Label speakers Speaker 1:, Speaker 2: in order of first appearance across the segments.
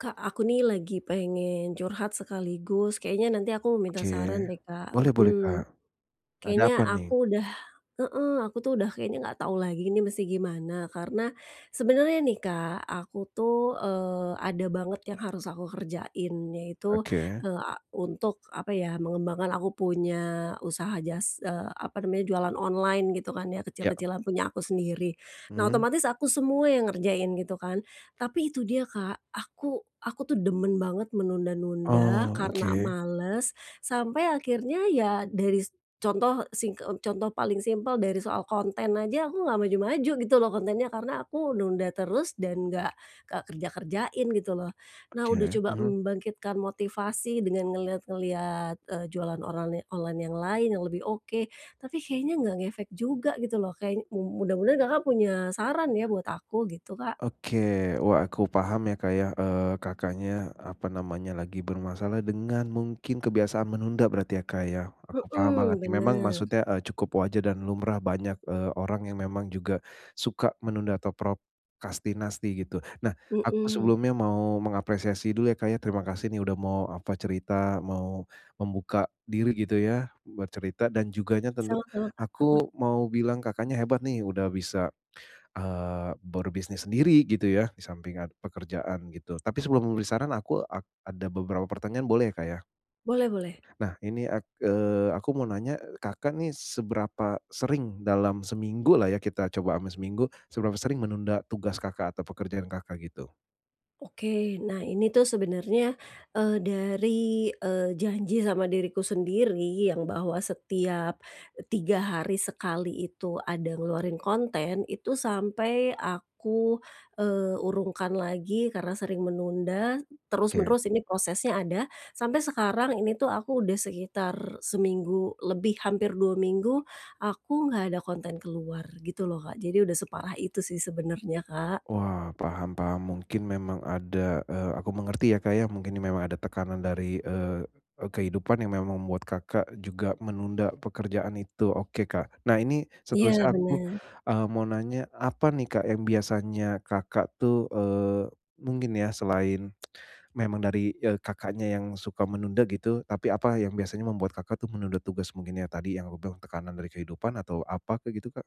Speaker 1: Kak, aku nih lagi pengen curhat sekaligus kayaknya nanti aku minta
Speaker 2: Oke.
Speaker 1: saran deh, Kak,
Speaker 2: Boleh boleh, Kak.
Speaker 1: mmm.
Speaker 2: Ada apa
Speaker 1: Kayaknya
Speaker 2: nih?
Speaker 1: aku udah heeh, aku tuh udah kayaknya nggak tahu lagi ini mesti gimana karena sebenernya nih, Kak, aku tuh, eee, ada banget yang harus aku kerjain yaitu,
Speaker 2: Oke.
Speaker 1: eee, a untuk apa ya, mengembangkan aku punya usaha jas eee, apa namanya jualan online gitu kan ya,
Speaker 2: Ya, ek
Speaker 1: kecil-kecilan punya aku sendiri. Nah,
Speaker 2: Mhm.
Speaker 1: otomatis aku semua yang ngerjain gitu kan. Tapi itu dia, Kak, aku aku tuh demen banget menunda-nunda
Speaker 2: Oh,
Speaker 1: karena
Speaker 2: oke.
Speaker 1: males, sampai akhirnya ya daris contoh sing e contoh paling simpel dari soal konten aja aku nggak maju-maju gitu loh kontennya, karena aku nunda terus dan nggak ka kerja-kerjain gitu loh. Nah, udah
Speaker 2: Oke.
Speaker 1: coba
Speaker 2: Mmm.
Speaker 1: membangkitkan motivasi dengan ngelihat-ngelihat, eee, jualan orale online yang lain yang lebih oke, tapi kayaknya nggak ngefek juga gitu loh, kayak, mu mudah-mudahan Kakak punya saran ya buat aku, gitu, Kak.
Speaker 2: Oke. Wah, aku paham ya, Kak, ya, eee, Kakaknya, apa namanya, lagi bermasalah dengan mungkin kebiasaan menunda berarti ya, Kak, ya. Aku paham
Speaker 1: Mhm,
Speaker 2: banget nih, memang
Speaker 1: bener.
Speaker 2: maksudnya, eee, cukup wajar dan lumrah banyak, eee, orang yang memang juga suka menunda atau prokrastinasi gitu. Nah, aku
Speaker 1: Mhm.
Speaker 2: sebelumnya mau mengapresiasi dulu ya, Kak, ya. Terima kasih nih udah mau, apa, cerita, mau membuka diri gitu ya buat cerita dan juganya tentu
Speaker 1: Sama-sama, Kak, heeh.
Speaker 2: aku mau bilang Kakaknya hebat nih udah bisa, eee, berbisnis sendiri, gitu ya, di samping ada pekerjaan gitu. Tapi sebelum memberi saran aku ak ada beberapa pertanyaan boleh ya, Kak, ya?
Speaker 1: Boleh boleh.
Speaker 2: Nah, ini ak eee, aku mau nanya Kakak nih seberapa sering dalam seminggulah ya kita coba ama seminggu, seberapa sering menunda tugas Kakak atau pekerjaan Kakak, gitu?
Speaker 1: Oke, nah ini tuh sebenernya, eee, dari, eee, janji sama diriku sendiri yang bahwa setiap 3 hari sekali itu ada ngeluarin konten itu sampai aku, eee, urungkan lagi karena sering menunda,
Speaker 2: Oke.
Speaker 1: terus-menerus ini prosesnya ada, sampai sekarang ini tuh aku udah sekitar seminggu lebih, hampir 2 minggu aku nggak ada konten keluar gitu loh Kak. Jadi udah separah itu sih sebenernya Kak.
Speaker 2: Wah, paham paham, mungkin memang ada eee, aku mengerti ya Kak ya, mungkin memang ada tekanan dari, eee, kehidupan yang memang membuat Kakak juga menunda pekerjaan itu. Oke Kak, nah ini
Speaker 1: Iya,
Speaker 2: seterusnya aku,
Speaker 1: bener.
Speaker 2: eee, mau nanya apa nih Kak yang biasanya Kakak tuh eee, mungkin ya selain memang dari, eee, Kakaknya yang suka menunda gitu. Tapi apa yang biasanya membuat Kakak tuh menunda tugas mungkin ya tadi yang aku bilang tekanan dari kehidupan atau apa Kak gitu Kak?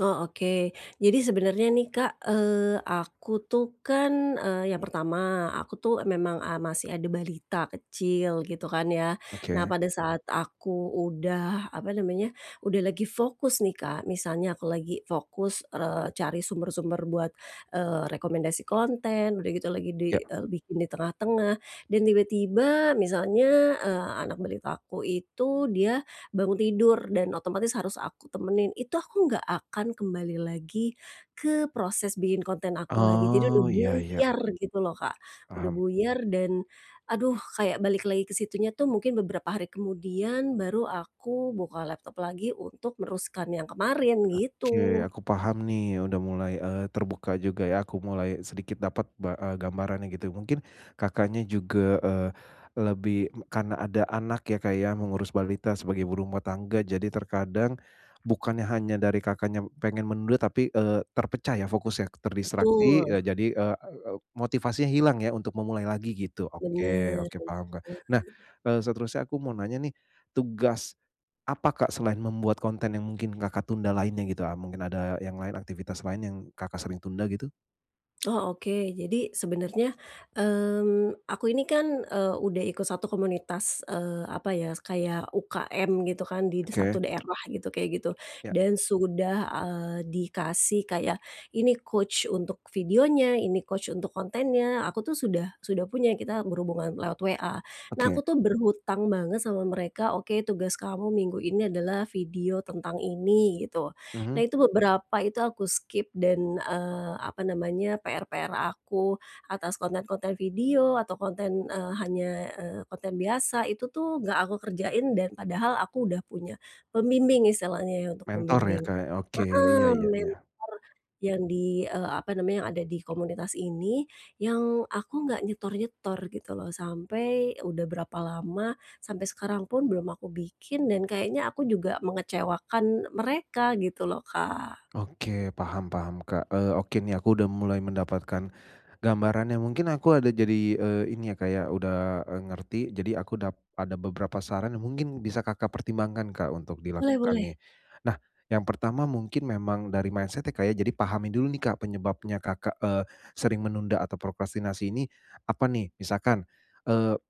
Speaker 1: Oh oke. Jadi sebenernya nih Kak, eee, aku tuh kan, eee, yang pertama, aku tuh memang a masih ada balita kecil gitu kan ya. Nah
Speaker 2: Oke.
Speaker 1: pada saat aku udah apa namanya, udah lagi fokus nih Kak. Misalnya aku lagi fokus, eee, cari sumber-sumber buat, eee, rekomendasi konten, udah gitu lagi di
Speaker 2: Ya.
Speaker 1: eee, bikin di tengah-tengah dan tiba-tiba misalnya, eee, anak balita aku itu dia bangun tidur dan otomatis harus aku temenin, itu aku nggak akan kembali lagi ke proses bikin konten aku lagi. Jadi udah
Speaker 2: Oh, iya, iya.
Speaker 1: buyar gitu loh Kak, udah
Speaker 2: Paham.
Speaker 1: buyar dan, aduh kayak balik lagi ke situnya tuh mungkin beberapa hari kemudian, baru aku buka laptop lagi untuk meneruskan yang kemarin,
Speaker 2: Oke,
Speaker 1: gitu.
Speaker 2: aku paham nih udah mulai, eee, terbuka juga ya, aku mulai sedikit dapat ba e gambarannya gitu. Mungkin Kakaknya juga, eee, lebih karena ada anak ya Kak ya mengurus balita sebagai ibu rumah tangga. Jadi terkadang bukannya hanya dari Kakaknya pengen menunda tapi, eee, terpecah ya fokusnya, terdistraksi,
Speaker 1: Betul.
Speaker 2: eee, jadi, eee, e e motivasinya hilang ya untuk memulai lagi gitu. Oke,
Speaker 1: Bener,
Speaker 2: oke paham Kak, nah,
Speaker 1: bener.
Speaker 2: eee, seterusnya aku mau nanya nih. Tugas apa Kak selain membuat konten yang mungkin Kakak tunda lainnya gitu a mungkin ada yang lain, aktivitas lain yang Kakak sering tunda gitu?
Speaker 1: Oh oke, jadi sebenernya, mmm, aku ini kan, eee udah ikut satu komunitas, eee apa ya, kayak UKM gitu kan di di
Speaker 2: Oke.
Speaker 1: satu daerah gitu, kayak gitu.
Speaker 2: Ya.
Speaker 1: Dan sudah, ah, dikasih kayak, ini coach untuk videonya, ini coach untuk kontennya, aku tuh sudah sudah punya, kita berhubungan lewat WA. Nah
Speaker 2: Oke.
Speaker 1: aku tuh berhutang banget sama mereka, oke, tugas kamu minggu ini adalah video tentang ini gitu. Nah
Speaker 2: Mhm.
Speaker 1: itu, beberapa itu aku skip dan, eee, apa namanya, PR-PR aku atas konten-konten video atau konten, eee hanya, eee, konten biasa itu tuh nggak aku kerjain dan padahal aku udah punya pembimbing istilahnya ya untuk
Speaker 2: Mentor ya,
Speaker 1: pembimbing.
Speaker 2: Kak, ya? Oke, iya
Speaker 1: Heeh,
Speaker 2: iya
Speaker 1: mentor
Speaker 2: iya.
Speaker 1: yang di, eee, apa namanya, yang ada di komunitas ini, yang aku nggak nyetor-nyetor gitu loh. Sampai udah berapa lama, sampai sekarang pun belum aku bikin dan kayaknya aku juga mengecewakan mereka gitu loh, Kak.
Speaker 2: Oke, paham paham, Kak. Eee, oke nih, aku sudah mulai mendapatkan gambarannya. Mungkin aku ada jadi, eee, ini ya kayak udah, eee, ngerti. Jadi aku dap ada beberapa saran yang mungkin bisa Kakak pertimbangkan, Kak, untuk
Speaker 1: Boleh
Speaker 2: dilakukan
Speaker 1: boleh.
Speaker 2: nih. Nah, yang pertama mungkin memang dari mindset-nya, Kak, ya, jadi pahami dulu nih, Kak, penyebabnya Kakak, eee, sering menunda atau prokrastinasi ini apa nih? Misalkan, eee,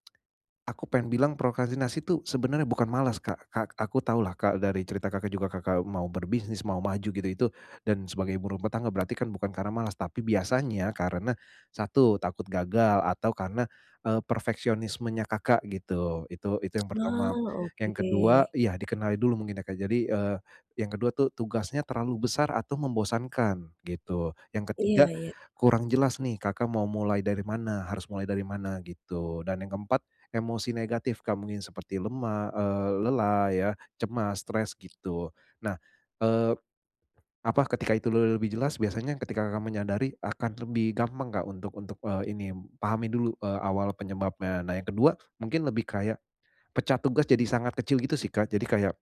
Speaker 2: aku pengen bilang prokrastinasi itu sebenarnya bukan malas, Kak. Kak, aku tahulah, Kak, dari cerita Kakak juga, Kakak mau berbisnis, mau maju gitu itu dan sebagai ibu rumah tangga, berarti kan bukan karena malas. Tapi biasanya karena, satu, takut gagal atau karena, eee, perfeksionismenya Kakak gitu, itu itu yang pertama.
Speaker 1: Wah,
Speaker 2: Yang kedua
Speaker 1: oke.
Speaker 2: iya, dikenali dulu mungkin ya, Kak, jadi, eee, yang kedua tuh, tugasnya terlalu besar atau membosankan gitu. Yang ketiga,
Speaker 1: Iya iya.
Speaker 2: kurang jelas nih, Kakak mau mulai dari mana, harus mulai dari mana gitu. Dan yang keempat, emosi negatif, Kak, mungkin seperti lemah, eee, lelah ya, cemas stres gitu. Nah, eee, apa, ketika itu le lebih jelas, biasanya ketika Kakak menyadari akan lebih gampang, Kak, untuk untuk, eee, ini, pahami dulu, eee, awal penyebabnya. Nah yang kedua, mungkin lebih kayak pecah tugas jadi sangat kecil gitu sih, Kak. Jadi kayak,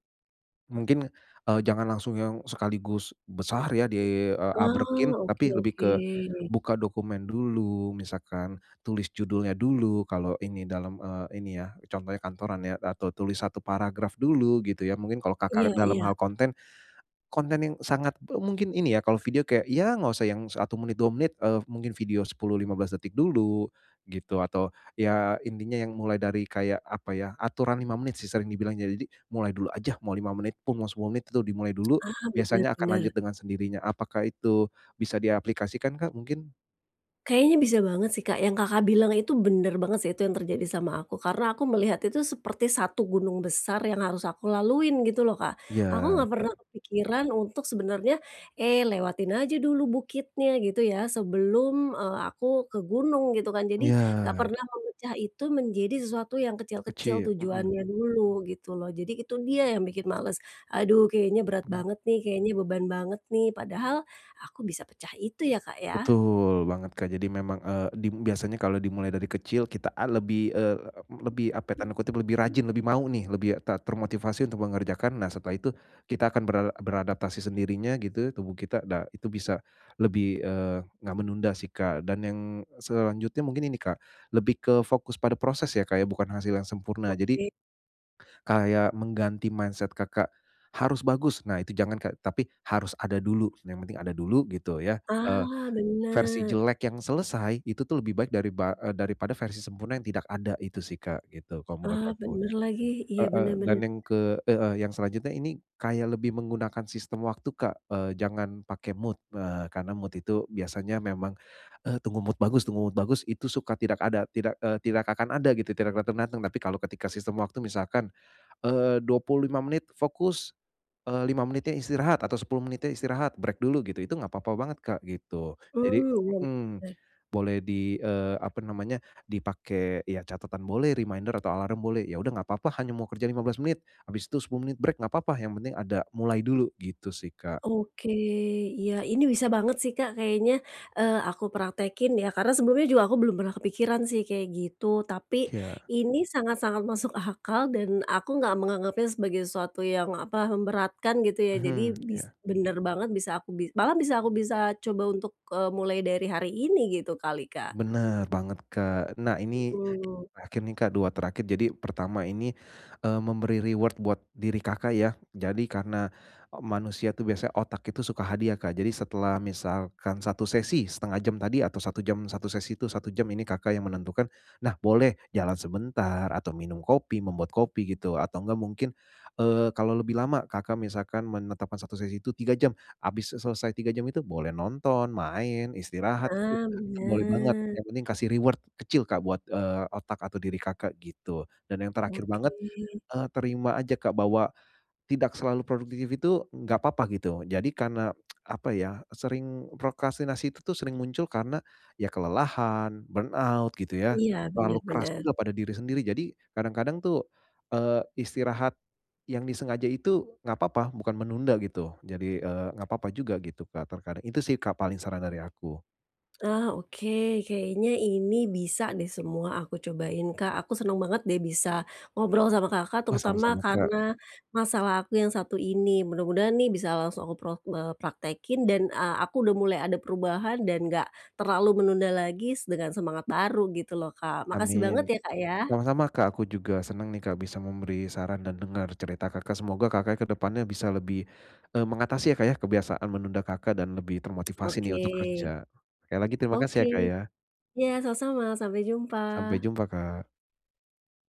Speaker 2: mungkin, eee, jangan langsung yang sekaligus besar ya di, eee,
Speaker 1: Wah,
Speaker 2: abrekin,
Speaker 1: oke
Speaker 2: tapi lebih
Speaker 1: oke.
Speaker 2: ke buka dokumen dulu, misalkan tulis judulnya dulu, kalau ini, dalam, eee, ini ya, contohnya kantoran ya, atau tulis 1 paragraf dulu gitu ya. Mungkin kalau Kakak
Speaker 1: Iya
Speaker 2: dalam
Speaker 1: iya.
Speaker 2: hal konten, konten yang sangat, pe mungkin ini ya, kalau video kayak, ya enggak usah yang 1 menit, 2 menit, eee, mungkin video 10, 15 detik dulu gitu. Atau ya intinya yang mulai dari kayak apa ya, aturan 5 menit sih sering dibilangnya. Jadi mulai dulu aja, mau 5 menit pun mau 10 menit itu dimulai dulu,
Speaker 1: Ah, bener
Speaker 2: biasanya akan lanjut
Speaker 1: bener.
Speaker 2: dengan sendirinya. Apakah itu bisa diaplikasikan, Kak, mungkin?
Speaker 1: Kayaknya bisa banget sih, Kak, yang Kakak bilang itu benar banget sih, itu yang terjadi sama aku. Karena aku melihat itu seperti satu gunung besar yang harus aku laluin, gitu loh, Kak.
Speaker 2: Iya,
Speaker 1: Aku nggak pernah
Speaker 2: Kak.
Speaker 1: kepikiran untuk sebenarnya, "Eee, lewatin aja dulu bukitnya, gitu ya, sebelum, eee, aku ke gunung." Gitu kan. Jadi nggak
Speaker 2: Iya.
Speaker 1: pernah memecah itu menjadi sesuatu yang kecil-kecil
Speaker 2: Kecil, mhm.
Speaker 1: tujuannya dulu, gitu loh. Jadi itu dia yang bikin malas, "Aduh, kayaknya berat
Speaker 2: Begit
Speaker 1: banget nih, kayaknya beban banget nih." Padahal aku bisa pecah itu ya, Kak, ya.
Speaker 2: Betul banget, Kak. Jadi memang, eee, dim biasanya kalau dimulai dari kecil, kita a lebih e e lebih, apa, tanda kutip "lebih rajin", lebih mau nih, lebih ter termotivasi untuk mengerjakan. Nah, setelah itu kita akan bera beradaptasi sendirinya, gitu, tubuh kita dah, itu bisa lebih, eee, nggak menunda sih, Kak. Dan yang selanjutnya mungkin ini, Kak, lebih ke fokus pada proses ya, Kak, ya, bukan hasil yang sempurna. Jadi
Speaker 1: Oke.
Speaker 2: kayak mengganti mindset Kakak, "Harus bagus." Nah, itu jangan, Kak, tapi, "Harus ada dulu." Yang penting ada dulu, gitu ya. Eee,
Speaker 1: Ah,
Speaker 2: versi
Speaker 1: benar.
Speaker 2: jelek yang selesai, itu tuh lebih baik dariba e daripada versi sempurna yang tidak ada, itu sih, Kak, gitu, kalau menurut
Speaker 1: Ah,
Speaker 2: aku.
Speaker 1: benar lagi. Iya,
Speaker 2: Heeh,
Speaker 1: benar,
Speaker 2: dan
Speaker 1: benar.
Speaker 2: yang ke heeh, yang selanjutnya ini kayak lebih menggunakan sistem waktu, Kak. Eee, jangan pake mood, eee, karena mood itu biasanya memang, eee, "Tunggu mood bagus, tunggu mood bagus." Itu suka tidak ada, tidak eee, tidak akan ada gitu, tidak datang-datang. Tapi kalau ketika sistem waktu misalkan, eee, 25 menit fokus, eee, 5 menitnya istirahat atau 10 menitnya istirahat, break dulu gitu, itu nggak apa-apa banget, Kak, gitu.
Speaker 1: Oh,
Speaker 2: Jadi
Speaker 1: benar.
Speaker 2: mhm.
Speaker 1: Benar.
Speaker 2: Boleh di, eee, apa namanya, dipakai ya catatan boleh, reminder atau alarm boleh. Ya, udah nggak apa-apa, hanya mau kerja 15 menit, abis itu 10 menit break, nggak apa-apa. Yang penting ada, mulai dulu, gitu sih, Kak.
Speaker 1: Oke. Iya, ini bisa banget sih, Kak. Kayaknya, eee, aku praktekkin ya karena sebelumnya juga aku belum pernah kepikiran sih kayak gitu. Tapi,
Speaker 2: Iya.
Speaker 1: ini sangat-sangat masuk akal dan aku nggak menganggapnya sebagai sesuatu yang, apa, memberatkan, gitu ya. Jadi
Speaker 2: Mhm,
Speaker 1: bis
Speaker 2: iya.
Speaker 1: benar banget bisa aku bi malah bisa aku bisa coba untuk, eee, mulai dari hari ini, gitu kali, Kak.
Speaker 2: Benar banget, Kak. Nah, ini yang
Speaker 1: Mhm.
Speaker 2: terakhir nih, Kak, dua terakhir. Jadi pertama ini, eee, memberi reward buat diri Kakak ya. Jadi karena e manusia tuh biasa otak itu suka hadiah, Kak. Jadi setelah misalkan satu sesi 1/2 jam tadi atau 1 jam, satu sesi itu 1 jam, ini Kakak yang menentukan. Nah, boleh jalan sebentar, atau minum kopi, membuat kopi, gitu. Atau nggak, mungkin, eee, kalau lebih lama, Kakak misalkan menetapkan satu sesi itu 3 jam habis e selesai 3 jam itu boleh nonton, main, istirahat, itu
Speaker 1: Ah,
Speaker 2: itu boleh banget.
Speaker 1: benar.
Speaker 2: Yang penting kasih reward kecil, Kak, buat, eee, otak atau diri Kakak, gitu. Dan yang terakhir
Speaker 1: Oke.
Speaker 2: banget, eee, terima aja, Kak, bahwa tidak selalu produktif itu, nggak apa-apa, gitu. Jadi karena, apa ya, sering prokrastinasi itu tuh sering muncul karena ya kelelahan, burnout, gitu ya,
Speaker 1: Iya,
Speaker 2: terlalu
Speaker 1: benar
Speaker 2: keras
Speaker 1: benar.
Speaker 2: juga pada diri sendiri. Jadi kadang-kadang tuh, eee, istirahat yang disengaja itu, nggak apa-apa, bukan menunda gitu. Jadi, eee, nggak apa-apa juga gitu, Kak, terkadang. Itu sih, Kak, paling, saran dari aku.
Speaker 1: Nah, oke. Kayaknya ini bisa deh semua aku cobain, Kak. Aku senang banget deh bisa ngobrol sama Kakak
Speaker 2: Wah,
Speaker 1: terutama
Speaker 2: sama-sama, Kak.
Speaker 1: karena masalah aku yang satu ini. Mudah-mudahan nih bisa langsung aku prok eee, praktekkin dan e aku udah mulai ada perubahan dan nggak terlalu menunda lagi s dengan semangat baru, gitu loh, Kak. Makasih banget
Speaker 2: Amin!
Speaker 1: ya, Kak, ya.
Speaker 2: Sama-sama, Kak. Aku juga senang nih, Kak, bisa memberi saran dan dengar cerita Kakak. Semoga Kakaknya ke depannya bisa lebih e mengatasi ya, Kak, ya kebiasaan menunda Kakak dan lebih termotivasi
Speaker 1: Oke.
Speaker 2: nih untuk kerja. Sekali lagi, terima kasih
Speaker 1: Oke.
Speaker 2: ya, Kak, ya.
Speaker 1: Iya, sama-sama. Sampai
Speaker 2: Sampai
Speaker 1: jumpa.
Speaker 2: jumpa, Kak.